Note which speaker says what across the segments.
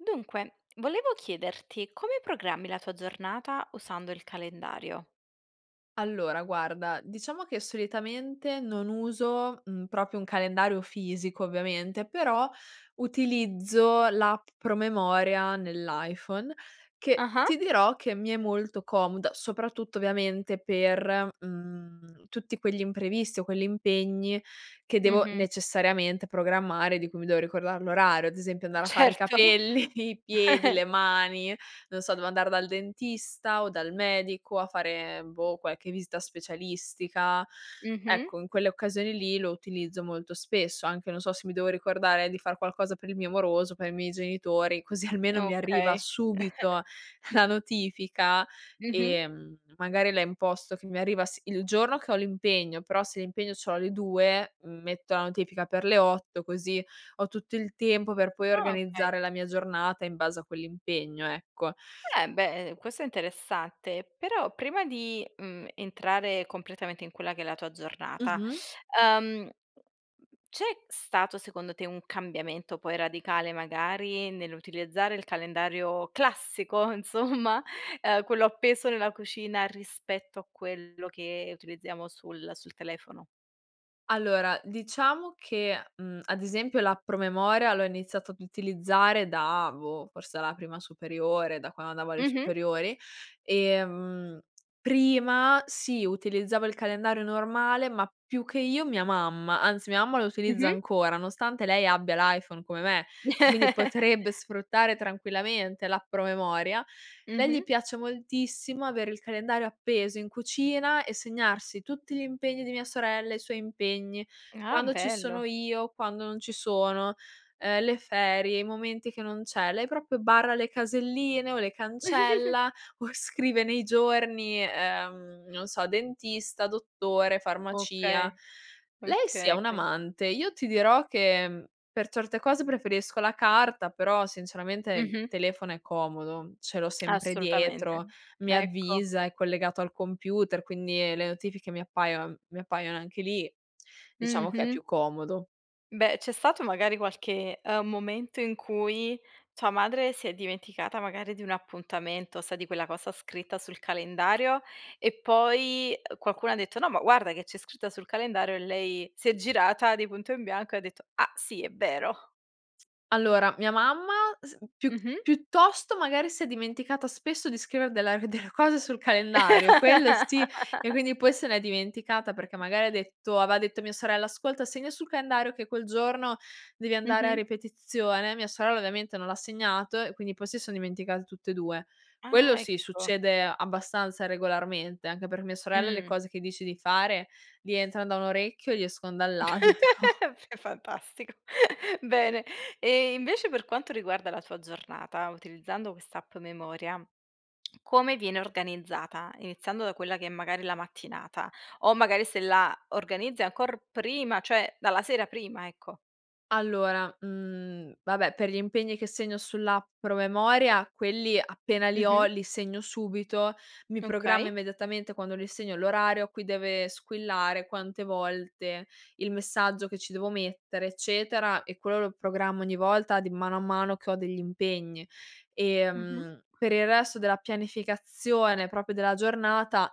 Speaker 1: Dunque, volevo chiederti come programmi la tua giornata usando il calendario?
Speaker 2: Allora, guarda, diciamo che solitamente non uso, mhmm, proprio un calendario fisico ovviamente, però utilizzo l'app promemoria nell'iPhone, che
Speaker 1: Ah-ah.
Speaker 2: ti dirò che mi è molto comoda, soprattutto ovviamente per, mhmm, tutti quegli imprevisti o quelli impegni che devo
Speaker 1: Mh-mh.
Speaker 2: necessariamente programmare, di cui mi devo ricordar l'orario, ad esempio andare a fare i
Speaker 1: Certo.
Speaker 2: capelli, i piedi, le mani, non so, devo andare dal dentista o dal medico, a fare, boh, qualche vista specialistica.
Speaker 1: Mh-mh.
Speaker 2: Ecco, in quelle occasioni lì lo utilizzo molto spesso, anche non so, se mi devo ricordare di far qualcosa per il mio moroso, per i miei genitori, così almeno mi arriva
Speaker 1: Okay.
Speaker 2: subito la notifica,
Speaker 1: Mh-mh.
Speaker 2: ehm, magari la imposto che mi arriva si il giorno che ho l'impegno, però se l'impegno ce l'ho alle 2, metto la notifica per le 8 così ho tutto il tempo per poi
Speaker 1: Ah, okay.
Speaker 2: organizzare la mia giornata in base a quell'impegno, ecco.
Speaker 1: Eh beh, ehm, questo è interessante. Però prima di, mhmm, entrare completamente in quella che è la tua giornata,
Speaker 2: Mh-mh.
Speaker 1: ehm, c'è stato secondo te un cambiamento poi radicale, magari nell'utilizzare il calendario classico insomma, uhm, quello appeso nella cucina, rispetto a quello che utilizziamo sul sul telefono?
Speaker 2: Allora, diciamo che, mhmm, ad esempio l'app promemoria l'ho iniziato ad utilizzare da, boh, forse a la prima superiore, da quando andavo alle
Speaker 1: Mh-mh.
Speaker 2: superiori. Ehm, prima sì, utilizzavo il calendario normale ma più che io, mia mamma, anzi, mia mamma lo utilizza
Speaker 1: Mh-mh.
Speaker 2: ancora, nonostante lei abbia l'iPhone come me, quindi potrebbe sfruttare tranquillamente l'app promemoria, lei
Speaker 1: Mh-mh.
Speaker 2: gli piace moltissimo avere il calendario appeso in cucina e segnarsi tutti gli impegni di mia sorella, i suoi impegni,
Speaker 1: Ah,
Speaker 2: quando ci sono
Speaker 1: bello.
Speaker 2: io, quando non ci sono, ehm, le ferie, i momenti che non c'è, lei proprio barra le caselline o le cancella o scrive nei giorni, ehm, non so, dentista, dottore, farmacia;
Speaker 1: Okay.
Speaker 2: lei sì, è
Speaker 1: Okay.
Speaker 2: un
Speaker 1: Quin
Speaker 2: amante. Io ti dirò che, mhmm, per certe cose preferisco la carta, però sinceramente il
Speaker 1: Mh-mh.
Speaker 2: telefono è comodo. Ce l'ho sempre
Speaker 1: Assolutamente.
Speaker 2: dietro, mi
Speaker 1: Ecco.
Speaker 2: avvisa, è collegato al computer, quindi, ehm, le notifiche mi appaio mi appaiono anche lì. Diciamo che è
Speaker 1: Mh-mh.
Speaker 2: più comodo.
Speaker 1: Beh, c'è stato magari qualche, ehm, momento in cui tua madre si è dimenticata, magari, di un appuntamento, sai di quella cosa scritta sul calendario e poi, uhm, qualcuno ha detto: "No ma guarda che c'è scritta sul calendario." E lei si è girata di punto in bianco e ha detto: "Ah sì, è vero"?
Speaker 2: Allora mia mamma s piu
Speaker 1: Mh-mh.
Speaker 2: piuttosto, magari si è dimenticata spesso di scrivere della [unintelligible] delle cose sul calendario. Quello sì e quindi poi se l'è dimenticata perché magari ha detto aveva detto a mia sorella. "Ascolta segna sul calendario che quel giorno devi andare a
Speaker 1: Mh-mh.
Speaker 2: ripetizione." Mia sorella ovviamente non l'ha segnato, e quindi poi si son dimenticate tutte e due. Quello
Speaker 1: Ah,
Speaker 2: sì
Speaker 1: ecco.
Speaker 2: succede abbastanza regolarmente. Anche per mia sorella le
Speaker 1: Mh.
Speaker 2: cose che dici di fare gli entrano da un orecchio e gli escon dall'altro.
Speaker 1: È f fantastico. Bene, e invece per quanto riguarda la tua giornata utilizzando quest'app memoria, come viene organizzata? Iniziando da quella che è, magari, la mattinata o magari se la organizzi ancor prima, cioè dalla sera prima, ecco.
Speaker 2: Allora, mhmm, vabbè per gli impegni che segno sull'app Promemoria quelli appena li ho,
Speaker 1: Mh-mh.
Speaker 2: li segno subito, mi programma
Speaker 1: Okay.
Speaker 2: immediatamente quando li segno l'orario a cui deve squillare, quante volte, il messaggio che ci devo mettere, eccetera, e quello lo programmo ogni volta di mano a mano che ho degli impegni.
Speaker 1: Mh-mh.
Speaker 2: Ehm, per il resto della pianificazione, proprio della giornata,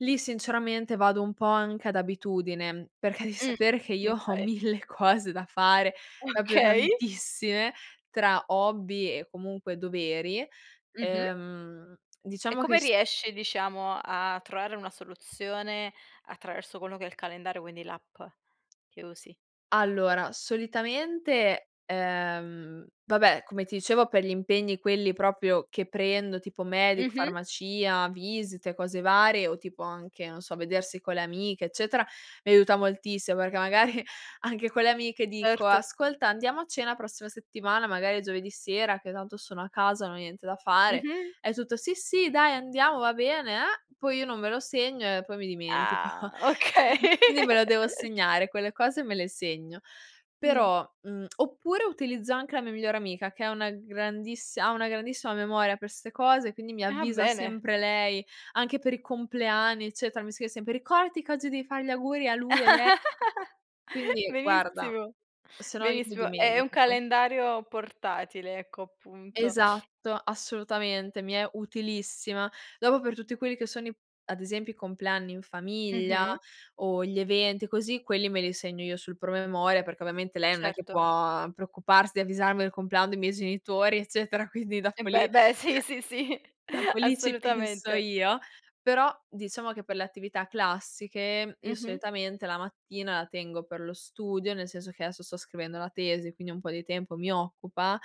Speaker 2: lì sinceramente vado un po' anche ad abitudine, perché devi
Speaker 1: Mh.
Speaker 2: sapere che io ho
Speaker 1: Okay.
Speaker 2: mille cose da fare proprio
Speaker 1: Okay.
Speaker 2: tantissime tra hobby e comunque doveri.
Speaker 1: Mh-mh.
Speaker 2: Ehm,
Speaker 1: E
Speaker 2: diciamo che
Speaker 1: come
Speaker 2: s
Speaker 1: riesci, diciamo, a trovare una soluzione attraverso quello che è il calendario quindi l'app che usi?
Speaker 2: Allora solitamente ehm, vabbè come ti dicevo per gli impegni quelli proprio che prendo tipo medico,
Speaker 1: Mh-mh.
Speaker 2: farmacia, visite, cose varie o tipo anche, non so, vedersi con le amiche, eccetera, mi aiuta moltissimo perché magari anche con le amiche dico:
Speaker 1: Certo.
Speaker 2: "Ascolta andiamo a cena prossima settimana, magari giovedì sera che tanto sono a casa, non ho niente da fare."
Speaker 1: Mh-mh.
Speaker 2: E tutto: "Sì, sì ,dai andiamo va bene, eh" poi io non me lo segno e poi mi dimentico.
Speaker 1: Ah okay.
Speaker 2: Quindi me lo devo segnare, quelle cose me le segno
Speaker 1: Mh.
Speaker 2: però mhmm, oppure utilizzo anche la mia migliore amica che è una grandissi ha una grandissima memoria per ste cose, quindi mi
Speaker 1: Ah
Speaker 2: avvisa
Speaker 1: bene.
Speaker 2: sempre lei anche per i compleanni, eccetera, mi scrive sempre: "Ricordati che oggi devi fare gli auguri a lui e lei." Quindi, guarda,
Speaker 1: Benissimo,
Speaker 2: sennò io mi
Speaker 1: benissimo è un
Speaker 2: dimentico.
Speaker 1: calendario portatile ecco appunto.
Speaker 2: Esatto. Assolutamente. Mi è utilissima. Dopo per tutti quelli che sono i ad esempio i compleanni in famiglia
Speaker 1: Mh-mh.
Speaker 2: o gli eventi così, quelli me li segno io sul promemoria perché ovviamente lei non è che
Speaker 1: Certo.
Speaker 2: può preoccuparsi di avvisarmi del compleanno dei miei genitori, eccetera, quindi
Speaker 1: Eh,
Speaker 2: dopo lì
Speaker 1: beh, beh, sì, sì, sì,
Speaker 2: dopo lì ci penso
Speaker 1: assolutamente.
Speaker 2: io. Però diciamo che per le attività classiche io
Speaker 1: Mh-mh.
Speaker 2: solitamente la mattina la tengo per lo studio, nel senso che adesso sto scrivendo la tesi, quindi un po' di tempo mi occupa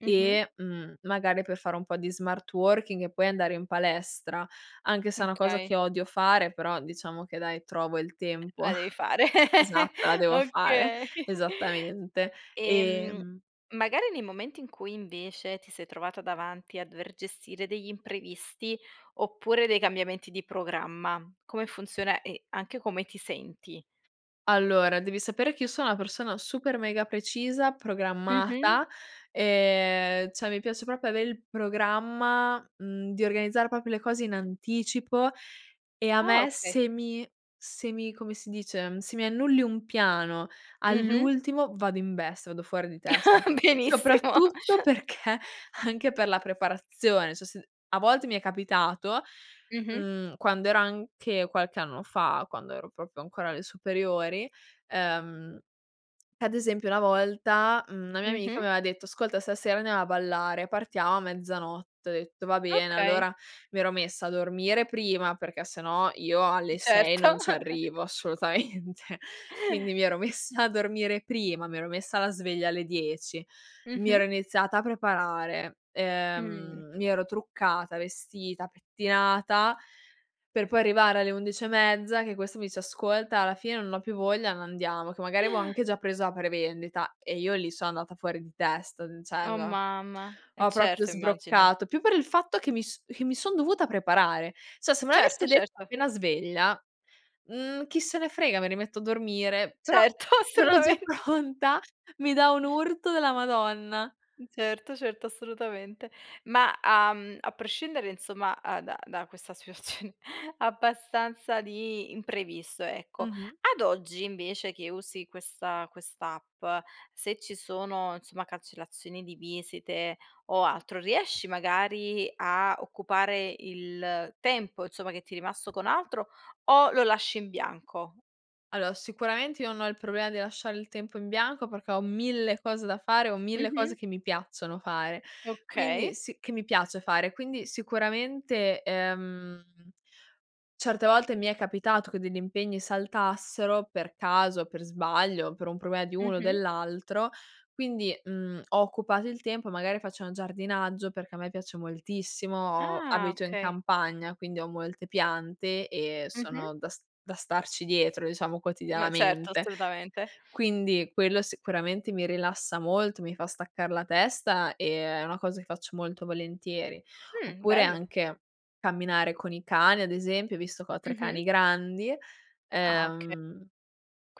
Speaker 1: Mh-mh.
Speaker 2: e, mhmm, magari per fare un po' di smart working e poi andare in palestra, anche se è
Speaker 1: Mh,
Speaker 2: una cosa
Speaker 1: okay.
Speaker 2: che odio fare, però diciamo che dai trovo il
Speaker 1: [unintelligible]
Speaker 2: tempo
Speaker 1: La devi fare.
Speaker 2: esatto la devo fare
Speaker 1: Okay.
Speaker 2: esattamente,
Speaker 1: Ehm,
Speaker 2: ehm
Speaker 1: magari nei momenti, in cui invece ti sei trovata davanti a dover gestire degli imprevisti, oppure dei cambiamenti di programma, come funziona e anche come ti senti?
Speaker 2: Allora devi sapere che io sono una persona super mega precisa,
Speaker 1: Mh-mh.
Speaker 2: programmata, ehm, cioè mi piace proprio avere il programma mhmm, di organizzare proprio le cose in anticipo e a
Speaker 1: Ah
Speaker 2: me
Speaker 1: okay.
Speaker 2: se mi se mi come si dice? Se mi annulli un piano
Speaker 1: Mh-mh.
Speaker 2: all'ultimo vado in bestia, vado fuori di testa
Speaker 1: Benissimo.
Speaker 2: soprattutto perché anche per la preparazione. Cioè se a volte mi è capitato,
Speaker 1: Mh-mh.
Speaker 2: mhmm, quando ero anche qualche anno fa, quando ero proprio ancora alle superiori ehm, ad esempio una volta, mhmm, una mia amica
Speaker 1: Mh-mh.
Speaker 2: mi aveva detto: "Ascolta stasera andiamo a ballare partiamo a mezzanotte." Ho detto: "Va bene."
Speaker 1: Okay.
Speaker 2: Allora mi ero messa a dormire prima perché se no io alle 6
Speaker 1: Certo.
Speaker 2: non ci arrivo assolutamente quindi mi ero messa a dormire prima mi ero messa la sveglia alle 10 mi ero
Speaker 1: Mh-mh.
Speaker 2: iniziata a preparare,
Speaker 1: Mh.
Speaker 2: ehm, mi ero truccata, vestita, pettinata per poi arrivare alle 11 e mezza che questo mi dice: "Ascolta alla fine non ho più voglia, non andiamo." Che magari avevo anche già preso a prevendita e io lì sono andata fuori di testa.
Speaker 1: Oh
Speaker 2: Cioè
Speaker 1: mamma!
Speaker 2: [unintelligible]
Speaker 1: E
Speaker 2: ho proprio
Speaker 1: certo immagino.
Speaker 2: sbroccato più per il fatto che mi s che mi son dovuta preparare, cioè se me
Speaker 1: Certo
Speaker 2: l'avesse detto
Speaker 1: certo.
Speaker 2: appena sveglia, mhmm, chi se ne frega, mi rimetto a dormire, però
Speaker 1: Certo
Speaker 2: sono già
Speaker 1: assolutamen
Speaker 2: pronta mi dà un urto della Madonna.
Speaker 1: Certo, certo assolutamente. Ma a mhmm, a prescindere insomma a da da questa situazione abbastanza di imprevisto ecco.
Speaker 2: Mh-mh.
Speaker 1: Ad oggi invece, che usi questa quest'app se ci sono insomma cancellazioni di visite o altro, riesci magari a occupare il tempo, insomma che ti è rimasto con altro o lo lasci in bianco?
Speaker 2: Allora, sicuramente io non ho il problema di lasciare il tempo in bianco perché ho 1000 cose da fare, ho 1000 cose
Speaker 1: Mh-mh.
Speaker 2: che mi piacciono fare, quindi
Speaker 1: Okay.
Speaker 2: si che mi piace fare, quindi sicuramente, ehm, certe volte mi è capitato che degli impegni saltassero per caso, per sbaglio, per un problema di uno o
Speaker 1: Mh-mh.
Speaker 2: dell'altro quindi, mhmm, ho occupato il tempo magari faccio un giardinaggio perché a me piace moltissimo ho
Speaker 1: Ah
Speaker 2: abito in
Speaker 1: okay.
Speaker 2: campagna, quindi ho molte piante e
Speaker 1: Mh-mh.
Speaker 2: sono da s da starci dietro, diciamo,
Speaker 1: Beh, certo
Speaker 2: quotidianamente.
Speaker 1: assolutamente.
Speaker 2: Quindi quello sicuramente mi rilassa molto, mi fa staccar la testa e è una cosa che faccio molto volentieri,
Speaker 1: Mh,
Speaker 2: oppure
Speaker 1: bello.
Speaker 2: anche camminare con i cani ad esempio visto che ho 3 cani
Speaker 1: Mh-mh.
Speaker 2: grandi,
Speaker 1: Ah okay.
Speaker 2: ehm,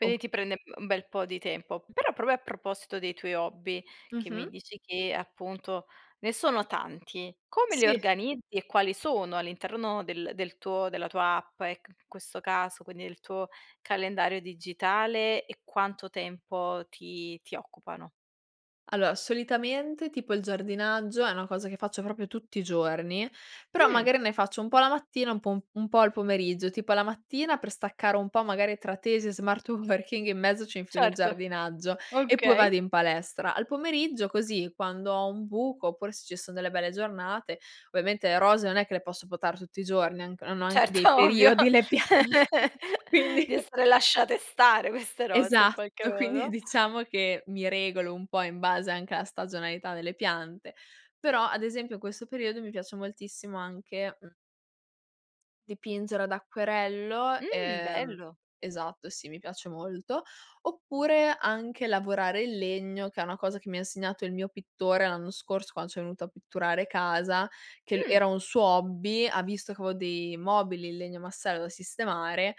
Speaker 2: o
Speaker 1: ti prende, mhmm, un bel po' di tempo
Speaker 2: Mh.
Speaker 1: però proprio a proposito dei tuoi hobby, che mi
Speaker 2: Mh-mh.
Speaker 1: dici che, appunto, ne sono tanti. Come li
Speaker 2: Sì.
Speaker 1: organizzi? E quali sono all'interno del del tuo della tua app e c in questo caso quindi del tuo calendario digitale e quanto tempo ti ti occupano?
Speaker 2: Allora solitamente, tipo, il giardinaggio è una cosa che faccio proprio tutti i giorni, però
Speaker 1: Mh.
Speaker 2: magari ne faccio un po' la mattina un po' un po' al pomeriggio. Tipo alla mattina per staccare un po' magari tra tesi e smart working in mezzo ci infilo il
Speaker 1: Certo,
Speaker 2: giardinaggio e poi vado
Speaker 1: okay.
Speaker 2: in palestra. Al pomeriggio, così, quando ho un buco, oppure se ci son delle belle giornate ovviamente le rose, non è che le posso potare tutti i giorni han anc hanno anche dei
Speaker 1: Certo ovvio
Speaker 2: periodi le piante quindi
Speaker 1: di essere lasciate stare queste rose in
Speaker 2: Esatto
Speaker 1: qualche
Speaker 2: quindi
Speaker 1: modo.
Speaker 2: diciamo che mi regolo un po' in base anche alla stagionalità delle piante, però, ad esempio, in questo periodo mi piace moltissimo anche, mhmm dipingere ad acquerello
Speaker 1: Mh
Speaker 2: ehm,
Speaker 1: bello.
Speaker 2: esatto sì, mi piace molto. Oppure anche lavorare il legno, che è una cosa che mi ha insegnato il mio pittore, l'anno scorso, quando c'è venuto a pitturare casa, che l
Speaker 1: Mh.
Speaker 2: era un suo hobby ha visto che avevo dei mobili in legno massello da sistemare,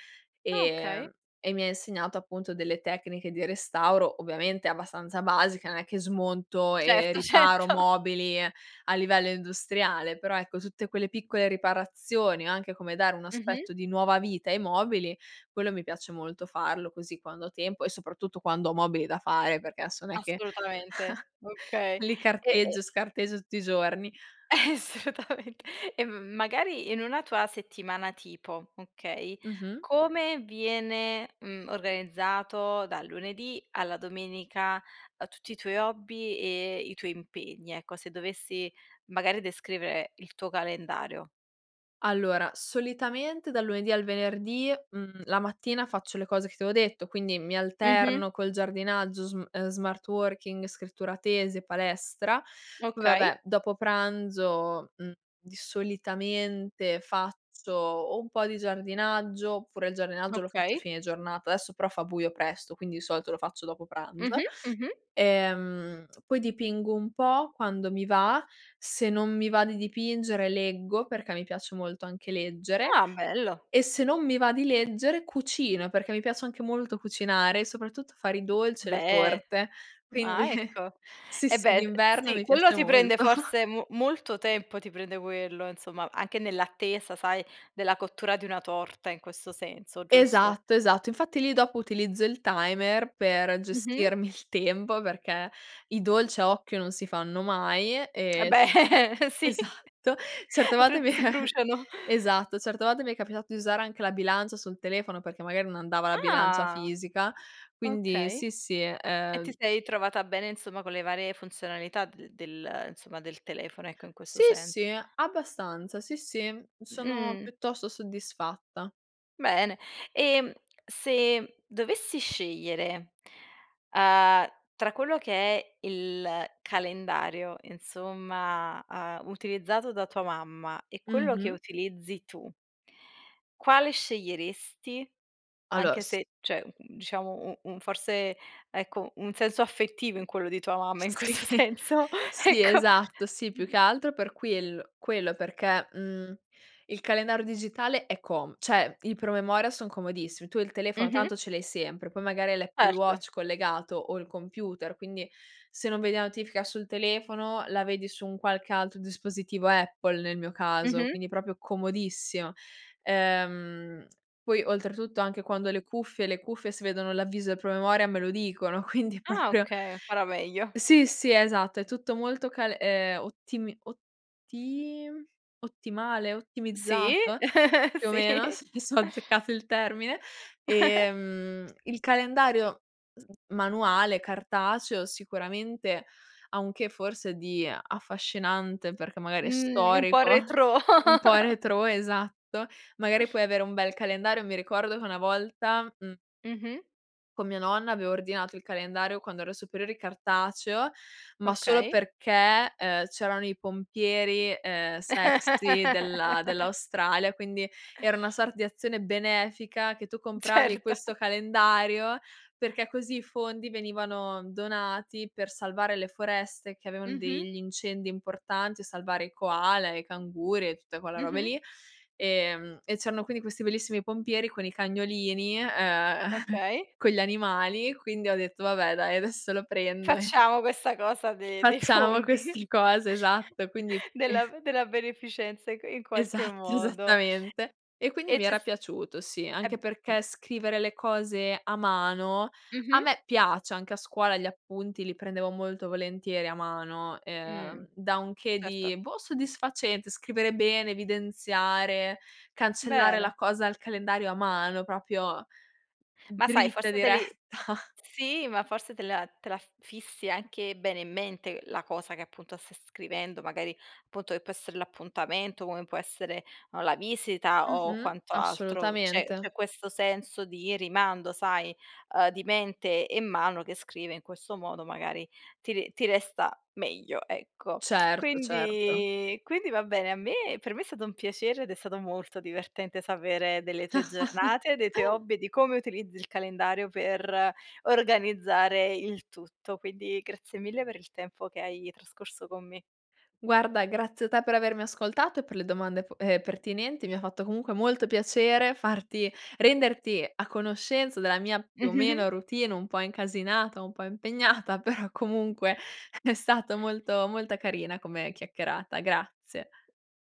Speaker 1: Ah okay.
Speaker 2: ehm, e mi insegnato appunto delle tecniche di restauro; ovviamente abbastanza basica, non è che smonto e
Speaker 1: Certo,
Speaker 2: riparo
Speaker 1: certo.
Speaker 2: mobili a livello industriale, però ecco, tutte quelle piccole riparazioni o anche come dare un
Speaker 1: Mh-mh.
Speaker 2: aspetto di nuova vita ai mobili, quello mi piace molto farlo, così, quando ho tempo e soprattutto quando ho mobili da fare, perché adesso non è che
Speaker 1: Assolutamente. Okay.
Speaker 2: li
Speaker 1: E e
Speaker 2: carteggio, scarteggio tutti i giorni.
Speaker 1: Assolutamente e m magari in una tua settimana tipo okay?
Speaker 2: Mh-mh.
Speaker 1: Come viene, mhmm, organizzato dal lunedì alla domenica, a tutti i tuoi hobby e i tuoi impegni. Ecco se dovessi magari descrivere il tuo calendario?
Speaker 2: Allora, solitamente dal lunedì al venerdì, mhmm, la mattina faccio le cose che ti avevo detto, quindi mi
Speaker 1: Mh-mh.
Speaker 2: alterno col giardinaggio sm smart working, scrittura tesi e palestra, poi
Speaker 1: Okay.
Speaker 2: vabbè, dopo pranzo, mhmm, di solitamente faccio o un po' di giardinaggio oppure il giardinaggio lo faccio a
Speaker 1: Okay.
Speaker 2: fine giornata, adesso però fa buio presto, quindi di solito lo faccio dopo pranzo.
Speaker 1: Mh-mh, mh-mh.
Speaker 2: Ehm, poi dipingo un po' quando mi va, se non mi va di dipingere leggo, perché mi piace molto anche leggere
Speaker 1: Ah bello!
Speaker 2: e, se non mi va di leggere, cucino perché mi piace anche molto cucinare, soprattutto fare i dolci e le
Speaker 1: Beh,
Speaker 2: torte quindi
Speaker 1: ah ecco
Speaker 2: sì,
Speaker 1: e
Speaker 2: sì
Speaker 1: beh, uhm,
Speaker 2: d'inverno
Speaker 1: sì
Speaker 2: mi
Speaker 1: quello
Speaker 2: piace
Speaker 1: ti prende
Speaker 2: molto.
Speaker 1: forse mo molto tempo ti prende quello insomma anche nell'attesa sai della cottura di una torta in questo senso giusto?
Speaker 2: Esatto, esatto infatti lì dopo utilizzo il timer per
Speaker 1: Mh-mh.
Speaker 2: gestirmi il tempo perché i dolci a occhio non si fanno mai,
Speaker 1: Eh
Speaker 2: ehm,
Speaker 1: beh sì
Speaker 2: esatto. Certe volte mi
Speaker 1: altrimenti si bruciano.
Speaker 2: esatto, certe volte mi è capitato di usare anche la bilancia sul telefono, perché magari non andava la bilancia
Speaker 1: Ah
Speaker 2: fisica quindi,
Speaker 1: okay
Speaker 2: sì, sì,
Speaker 1: e ti
Speaker 2: ehm
Speaker 1: sei trovata bene insomma con le varie funzionalità de del insomma del telefono ecco in questo
Speaker 2: Sì,
Speaker 1: senso.
Speaker 2: sì, abbastanza sì, sì, sono
Speaker 1: Mh.
Speaker 2: piuttosto soddisfatta.
Speaker 1: Bene, ehm, se dovessi scegliere, uhm, tra quello che è il calendario insomma, uhm, utilizzato da tua mamma e quello che
Speaker 2: Mh-mh.
Speaker 1: utilizzi tu quale sceglieresti?
Speaker 2: Allora
Speaker 1: Anche
Speaker 2: s
Speaker 1: se cioè, mhmm, diciamo u un forse ecco un senso affettivo in quello di tua mamma in
Speaker 2: Sì,
Speaker 1: questo senso
Speaker 2: sì
Speaker 1: ecco.
Speaker 2: esatto, sì più che altro
Speaker 1: [unintelligible]
Speaker 2: per quiell quello perché, mhmm, il calendario digitale è com cioè i promemoria son comodissimi, tu il telefono
Speaker 1: Mh-mh.
Speaker 2: tanto ce l'hai sempre, poi magari hai l'Apple
Speaker 1: Certo.
Speaker 2: Watch collegato o il computer quindi se non vedi la notifica sul telefono, la vedi su un qualche altro dispositivo Apple, nel mio caso,
Speaker 1: Mh-mh.
Speaker 2: quindi proprio comodissimo. Ehm, poi oltretutto anche quando ho le cuffie, le cuffie si vedono l'avviso del promemoria me lo dicono quindi
Speaker 1: Ah
Speaker 2: proprio
Speaker 1: okay ancora meglio.
Speaker 2: Sì, sì esatto è tutto molto cal ehm, ottimi otti ottimale,
Speaker 1: Sì
Speaker 2: ottimizzato più o meno
Speaker 1: sì.
Speaker 2: [unintelligible] se ho azzeccato il termine, ehm, il calendario sn manuale, cartaceo sicuramente ha un che forse di affascinante, perché magari è
Speaker 1: Mh, un po'
Speaker 2: storico
Speaker 1: retrò.
Speaker 2: un po' retrò, esatto, magari puoi avere un bel calendario. Mi ricordo che una volta, mhmm
Speaker 1: Mh-mh.
Speaker 2: con mia nonna avevo ordinato il calendario, quando ero superiori cartaceo, ma solo
Speaker 1: Okay.
Speaker 2: perché, ehm, c'erano i pompieri, ehm, sexy della dell'Australia, quindi era una sorta di azione benefica che tu compravi
Speaker 1: Certo.
Speaker 2: questo calendario, perché così i fondi venivano donati per salvare le foreste, che avevan
Speaker 1: Mh-mh.
Speaker 2: degli incendi importanti, o salvare i koala, e i canguri e tutte quelle robe
Speaker 1: Mh-mh.
Speaker 2: lì, ehm, e c'erano quindi questi bellissimi pompieri, con i cagnolini, ehm,
Speaker 1: Okay.
Speaker 2: con gli animali quindi ho detto vabbè dai adesso lo prendo e
Speaker 1: Facciamo questa cosa de dei
Speaker 2: Facciamo
Speaker 1: fondi
Speaker 2: questi cose esatto quindi
Speaker 1: della della beneficenza in in qualche
Speaker 2: Esatto,
Speaker 1: modo
Speaker 2: esattamente. E quindi
Speaker 1: e
Speaker 2: mi
Speaker 1: c'è
Speaker 2: era
Speaker 1: st
Speaker 2: piaciuto sì,
Speaker 1: e
Speaker 2: anche
Speaker 1: b
Speaker 2: perché scrivere le cose a mano a
Speaker 1: Mh-mh.
Speaker 2: me piace. Anche a scuola gli appunti li prendevo molto volentieri a mano,
Speaker 1: Mh,
Speaker 2: ehm, da un che
Speaker 1: certo.
Speaker 2: di, boh, soddisfacente, scrivere bene, evidenziare, cancellare la
Speaker 1: Bene.
Speaker 2: cosa al calendario a mano, proprio
Speaker 1: Ma sai
Speaker 2: dritta,
Speaker 1: forse te
Speaker 2: diretta.
Speaker 1: li sì ma forse te la te la fissi anche bene in mente la cosa che, appunto, stai scrivendo magari punto che può essere l'appuntamento, come può essere o la visita o
Speaker 2: Mh-mh.
Speaker 1: quanto altro. C'è
Speaker 2: Assolutamente.
Speaker 1: c'è questo senso di rimando sai, ehm, di mente e mano che scrive in questo modo magari ti ri ti resta meglio ecco.
Speaker 2: Certo, certo.
Speaker 1: Quindi quindi va bene a me per me, è stato un piacere, ed è stato molto divertente sapere delle tue giornate, dei tuoi hobby e di come utilizzi il calendario per organizzare il tutto, quindi grazie mille per il tempo che hai trascorso con me.
Speaker 2: Guarda grazie a te per avermi ascoltato e per le domande p ehm, pertinenti mi ha fatto comunque molto piacere farti renderti a conoscenza della mia, più o
Speaker 1: Mh-mh, mh.
Speaker 2: meno, routine un po' incasinata, un po' impegnata però comunque è stato molto molto carina come chiacchierata. Grazie.